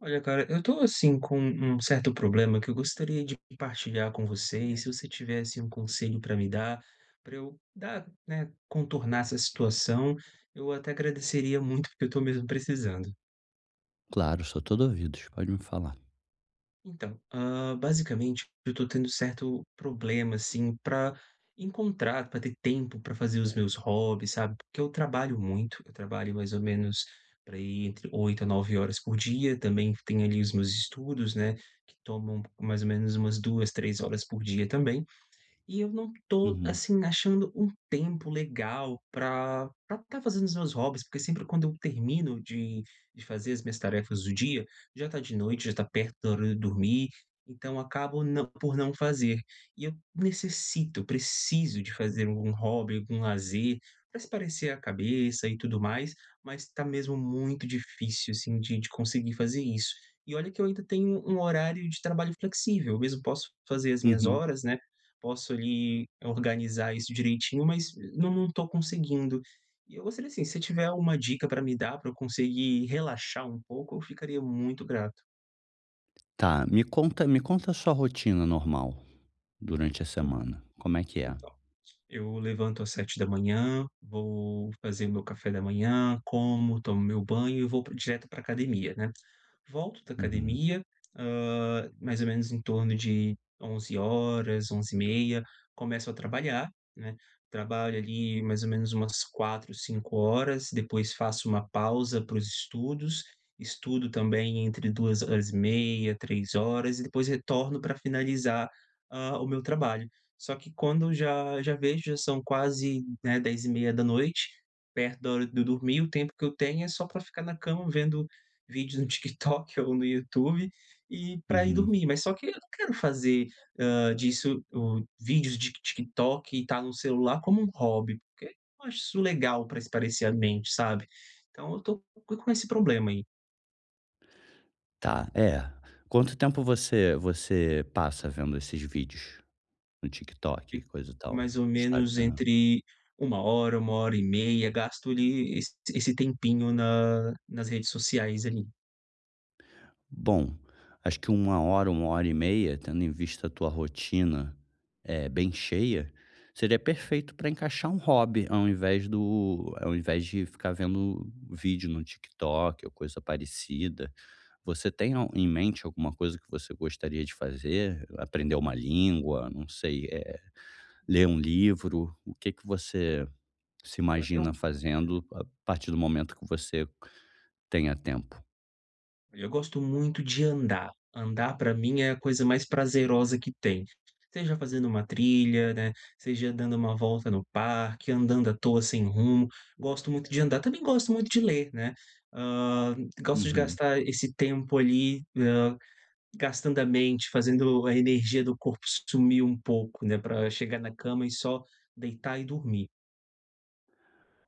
Olha, cara, eu tô assim com um certo problema que eu gostaria de partilhar com você, e se você tivesse um conselho pra me dar pra eu dar, né, contornar essa situação, eu até agradeceria muito, porque eu tô mesmo precisando. Claro, sou todo ouvidos, pode me falar. Então, hã, basicamente, eu tô tendo certo problema, assim, pra encontrar, pra ter tempo pra fazer os meus hobbies, sabe, porque eu trabalho muito, eu trabalho mais ou menos para aí entre 8 a 9 horas por dia. Também tenho ali os meus estudos, né, que tomam mais ou menos umas 2, 3 horas por dia também. E eu não tô, Uhum. assim, achando um tempo legal pra pra tá fazendo os meus hobbies, porque sempre quando eu termino de de fazer as minhas tarefas do dia, já tá de noite, já tá perto da hora de eu dormir, então acabo não por não fazer. E eu necessito, preciso de fazer algum hobby, algum lazer pra espairecer a cabeça e tudo mais, mas tá mesmo muito difícil assim de de conseguir fazer isso. E olha que eu ainda tenho um horário de trabalho flexível, eu mesmo posso fazer as minhas Uhum. horas, né, posso ali organizar isso direitinho, mas não não tô conseguindo. E eu gostaria assim, se você tiver alguma dica pra me dar, pra eu conseguir relaxar um pouco, eu ficaria muito grato. Tá, me conta me conta a sua rotina normal durante a En semana, como é que é? então, eu levanto às 7h00, vou fazer o meu café da manhã, como, tomo meu banho e vou pr direto pra academia, né. Volto da Uhum. academia, hã, mais ou menos em torno de 11h00, 11h30, começo a trabalhar, né, trabalho ali mais ou menos umas 4, 5 horas, depois faço uma pausa para os estudos. Estudo também entre 2 horas e meia, 3 horas e depois retorno pra finalizar, hã, o meu trabalho. Só que quando já já vejo, já são quase, né, 22h30, perto da hora de eu dormir, o tempo que eu tenho é só pra ficar na cama vendo vídeo no TikTok ou no YouTube e pra ir Uhum. dormir. Mas só que eu não quero fazer, hã, disso o vídeos de TikTok e tá no celular como um hobby, porque eu não acho isso legal pra espairecer a mente, sabe. Então eu tô com esse problema aí. Tá, é. Quanto tempo você você passa vendo esses vídeos no TikTok, Fico coisa e tal, mais ou menos Instagram? entre 1 hora, 1 hora e meia, gasto ali esse esse tempinho na nas redes sociais ali. Bom, acho que 1 hora, 1 hora e meia, tendo em vista a tua rotina, eh, bem cheia, seria perfeito pra encaixar um hobby, ao invés do ao invés de ficar vendo vídeo no TikTok ou coisa parecida. Você tem al em mente, alguma coisa que você gostaria de fazer? Aprender uma língua? Não sei, eh, ler um livro? O que que você se imagina [unintelligible] fazendo a partir do momento que você tenha tempo? Eu gosto muito de andar. Andar pra mim é a coisa mais prazerosa que tem. Seja fazendo uma trilha, né, seja dando uma volta no parque, andando à toa sem rumo. Gosto muito de andar. Também gosto muito de ler, né. Hã, gosto de Uhum. gastar esse tempo ali, hã, gastando a mente, fazendo a energia do corpo sumir um pouco, né, pra chegar na cama e só deitar e dormir.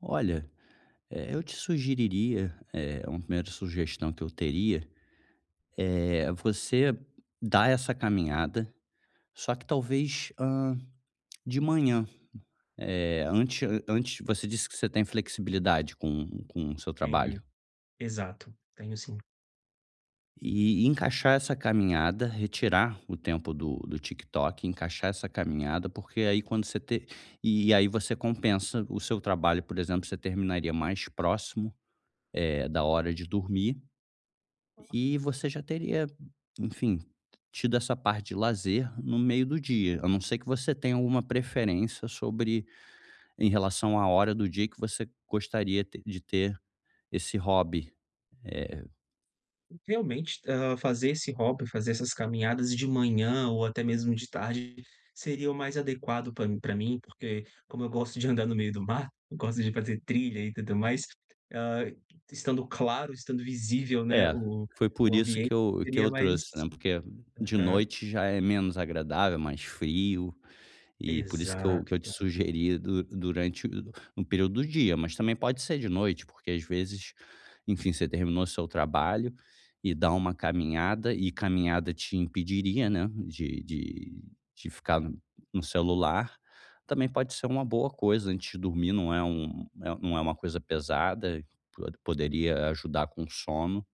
Olha, eh, eu te sugeriria, eh, uma 1ª sugestão que eu teria, eh, você dar essa caminhada, só que talvez, hã, de manhã, eh, antes a-antes você disse que você tem flexibilidade com com o seu Tenho. trabalho. Exato, tenho sim. E encaixar essa caminhada, retirar o tempo do do TikTok, encaixar essa caminhada, porque aí quando você te e aí você compensa o seu trabalho. Por exemplo, você terminaria mais próximo, eh, da hora de dormir Hã. e você já teria, enfim, tido essa parte de lazer no meio do dia. A não ser que você tenha alguma preferência sobre em relação à hora do dia que você gostaria te de ter esse hobby. Eh Realmente, hã, fazer esse hobby, fazer essas caminhadas de manhã ou até mesmo de tarde seria o mais adequado pra m pra mim, porque como eu gosto de andar no meio do mato, gosto de fazer trilha e tudo mais, hã, estando claro, estando visível, né, É, o foi o por isso ambiente que eu que seria eu mais trouxe, né. Porque de Aham. noite já é menos agradável, mais frio, e por isso que eu que eu te Exato. sugeri du durante o no período do dia, mas também pode ser de noite, porque às vezes, enfim, você terminou seu trabalho e dá uma caminhada, e caminhada te impediria, né, de de de ficar no celular. Também pode ser uma boa coisa antes de dormir, não é um não é uma coisa pesada, po poderia ajudar com o sono.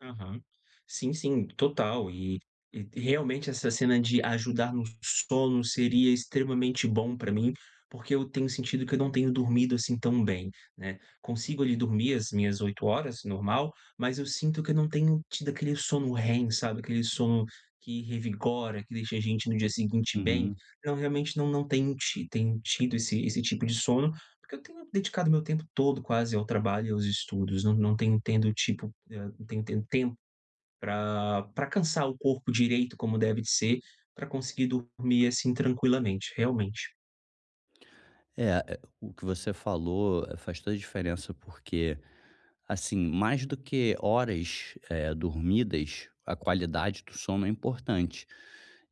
Aham. Sim, sim, total. E e realmente essa cena de ajudar no sono seria extremamente bom pra mim, porque eu tenho sentido que eu não tenho dormido, assim, tão bem, né. Consigo ali dormir as minhas 8 horas, normal, mas eu sinto que eu não tenho tido aquele sono REM, sabe, aquele sono que revigora, que deixa a gente no dia seguinte bem. Uhum. Então realmente não não tenho ti tenho tido esse esse tipo de sono, porque eu tenho dedicado meu tempo todo quase ao trabalho e aos estudos. Não não tenho tendo tipo, eh, não tenho tendo tempo pra pra cansar o corpo direito como deve de ser, pra conseguir dormir assim, tranquilamente, realmente. É, é o que você falou faz toda a diferença, porque, assim, mais do que horas, eh, dormidas, a qualidade do sono é importante.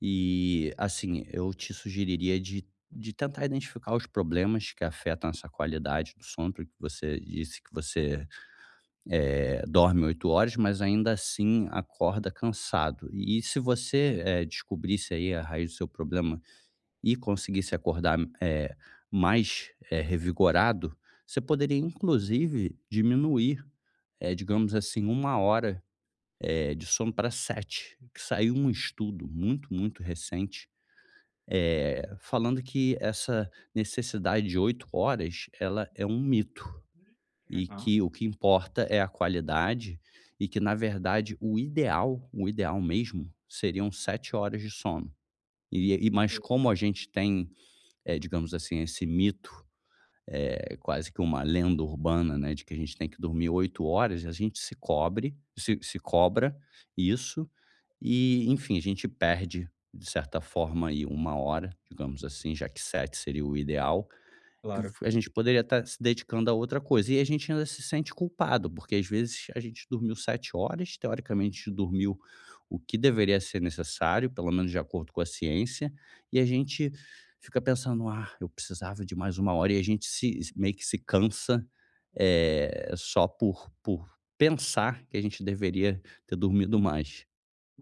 E, assim, eu te sugeriria de de tentar identificar os problemas que afetam essa qualidade do sono, porque você disse que você, eh, dorme 8 horas, mas ainda assim, acorda cansado. E se você, eh, descobrisse aí a raiz do seu problema e conseguir se acordar, eh, mais, eh, revigorado, você poderia inclusive diminuir, eh, digamos assim, 1 hora, eh, de sono pra 7. Que saiu um estudo muito, muito recente, eh, falando que essa necessidade de 8 horas ela é um mito e Aham. que o que importa é a qualidade e que na verdade, o ideal o ideal mesmo, seriam 7 horas de sono. E e mas Sim. como a gente tem, eh, digamos assim, esse mito, é quase que uma lenda urbana, né, de que a gente tem que dormir 8 horas, a gente se cobre se se cobra isso e enfim, a gente perde, de certa forma aí, 1 hora, digamos assim, já que 7 seria o ideal, que a gente poderia tá se dedicando a outra coisa. E a gente ainda se sente culpado, porque às vezes a gente dormiu 7 horas, teoricamente dormiu o que deveria ser necessário, pelo menos de acordo com a ciência, e a gente fica pensando: "Ah, eu precisava de mais 1 hora.", e a gente se s meio que se cansa, eh, só por por pensar que a gente deveria ter dormido mais.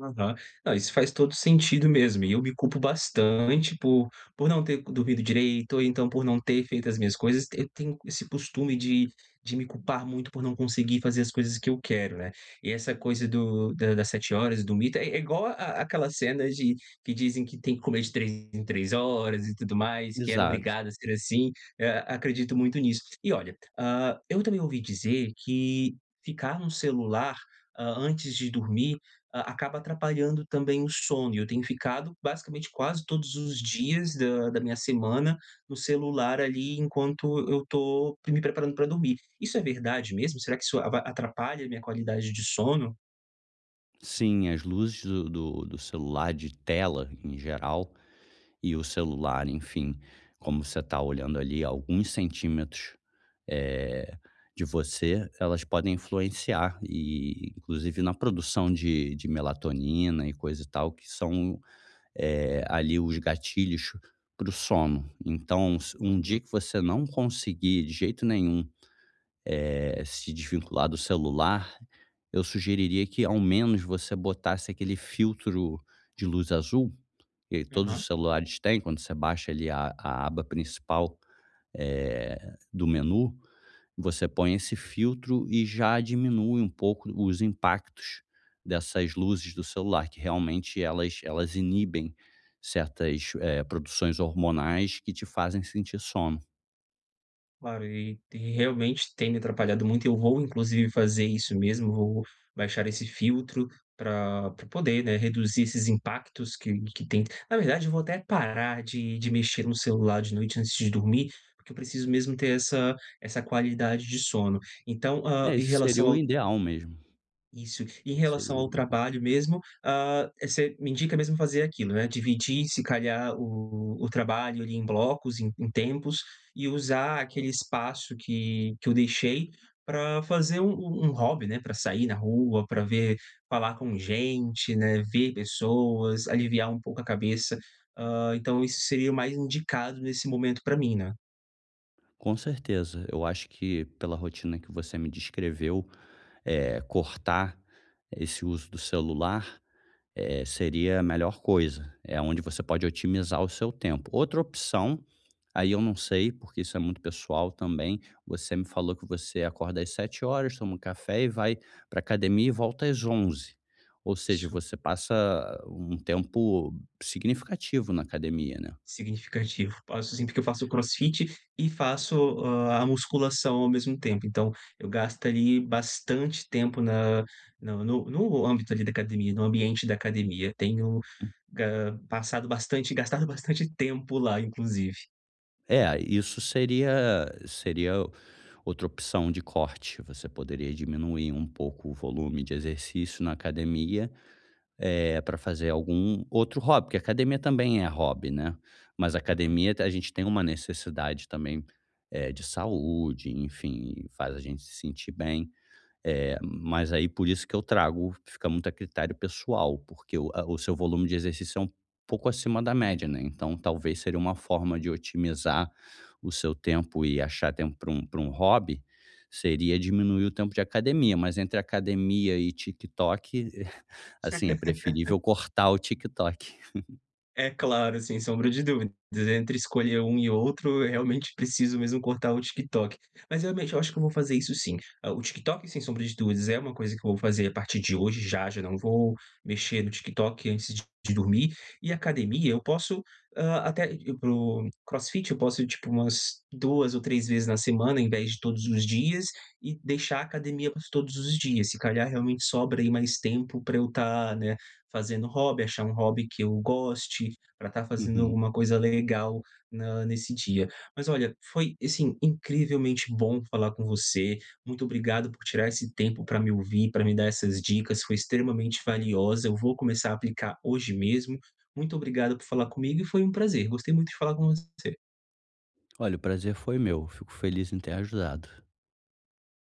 Aham. Não, isso faz todo sentido mesmo. Eu me culpo bastante por por não ter dormido direito ou então por não ter feito as minhas coisas, eu tenho esse costume de de me culpar muito por não conseguir fazer as coisas que eu quero, né. E essa coisa do da da 7 horas, do mito, é é igual a àquela cena de que dizem que tem que comer de 3 em 3 horas e tudo mais, que era Exato. obrigado a ser assim, e a acredito muito nisso. E olha, hã, eu também ouvi dizer que ficar no celular, hã, antes de dormir, ah, acaba atrapalhando também o sono e eu tenho ficado basicamente quase todos os dias da da minha semana no celular ali enquanto eu tô me preparando pra dormir. Isso é verdade mesmo? Será que isso ava atrapalha minha qualidade de sono? Sim, as luzes do do do celular, de tela em geral, e o celular, enfim, como você tá olhando ali a alguns centímetros, eh, de você, elas podem influenciar e inclusive na produção de de melatonina e coisa e tal, que são, eh, ali os gatilhos para o sono. Então, s um dia Hum. que você não conseguir de jeito nenhum, eh, se desvincular do celular, eu sugeriria que ao menos você botasse aquele filtro de luz azul que todos Aham. os celulares têm, quando você baixa ali a a aba principal, eh, do menu, você põe esse filtro e já diminui um pouco os impactos dessas luzes do celular, que realmente elas elas inibem certas, eh, produções hormonais que te fazem sentir sono. Claro, e e realmente tem me atrapalhado muito. Eu vou inclusive fazer isso mesmo, vou baixar esse filtro pra pra poder, né, reduzir esses impactos que que tem na verdade, eu vou até parar de de mexer no celular de noite antes de dormir, porque eu preciso mesmo ter essa essa qualidade de sono. Então, hã, É, em esse seria relação o ao ideal mesmo. isso, em Esse seria relação o ao ideal. trabalho mesmo, hã, você me indica mesmo fazer aquilo, né. Dividir, se calhar, o o trabalho ali em blocos, em em tempos, e usar aquele espaço que que eu deixei pra fazer um um hobby, né. Pra sair na rua, pra ver falar com gente, né, ver pessoas, aliviar um pouco a cabeça. Hã, então isso seria o mais indicado nesse momento pra mim, né. Com certeza. Eu acho que pela rotina que você me descreveu, eh, cortar esse uso do celular, eh, seria a melhor coisa. É onde você pode otimizar o seu tempo. Outra opção, aí eu não sei, porque isso é muito pessoal também, você me falou que você acorda às 7:00 toma um café e vai pra academia e volta às 11:00. Ou seja, Isso. você passa um tempo significativo na academia, né. Significativo. Faço sim, porque eu faço crossfit e faço, hã, a musculação ao mesmo tempo. Então eu gasto ali bastante tempo na no no âmbito ali da academia, no ambiente da academia. Tenho, Hum. hã, passado bastante gastado bastante tempo lá, inclusive. É, isso seria seria outra opção de corte, você poderia diminuir um pouco o volume de exercício na academia, eh, pra fazer algum outro hobby, porque academia também é hobby, né, mas Uhum. academia, te a gente tem uma necessidade também, é de saúde, enfim, faz a gente se sentir bem. É, mas aí, por isso que eu trago fica muito a critério pessoal, porque o a o seu volume de exercício é um pouco acima da média, né, então talvez, seria uma forma de otimizar o seu tempo e achar tempo para um para um hobby, seria diminuir o tempo de academia, mas entre academia e TikTok, assim, é preferível cortar o TikTok. É claro, sem sombra de dúvidas, entre escolher um e outro, eu, realmente, preciso mesmo cortar o TikTok. Mas, realmente, eu acho que eu vou fazer isso sim. O TikTok, sem sombra de dúvidas, é uma coisa que eu vou fazer a partir de hoje, já já não vou mexer no TikTok antes de dormir e academia, eu posso, hã, até ir para o crossfit, eu posso ir, tipo, umas 2 ou 3 vezes na semana, em vez de todos os dias, e deixar a academia para os todos os dias, se calhar, realmente sobra aí mais tempo pra eu tá, né, fazendo hobby, achar um hobby que eu goste, pra tá fazendo Uhum. alguma coisa legal na nesse dia. Mas olha, foi, assim, incrivelmente bom falar com você, muito obrigado por tirar esse tempo pra me ouvir, pra me dar essas dicas, foi extremamente valiosa, eu vou começar a aplicar hoje mesmo, muito obrigado por falar comigo e foi um prazer. Gostei muito de falar com você. Olha, o prazer foi meu, fico feliz em ter ajudado.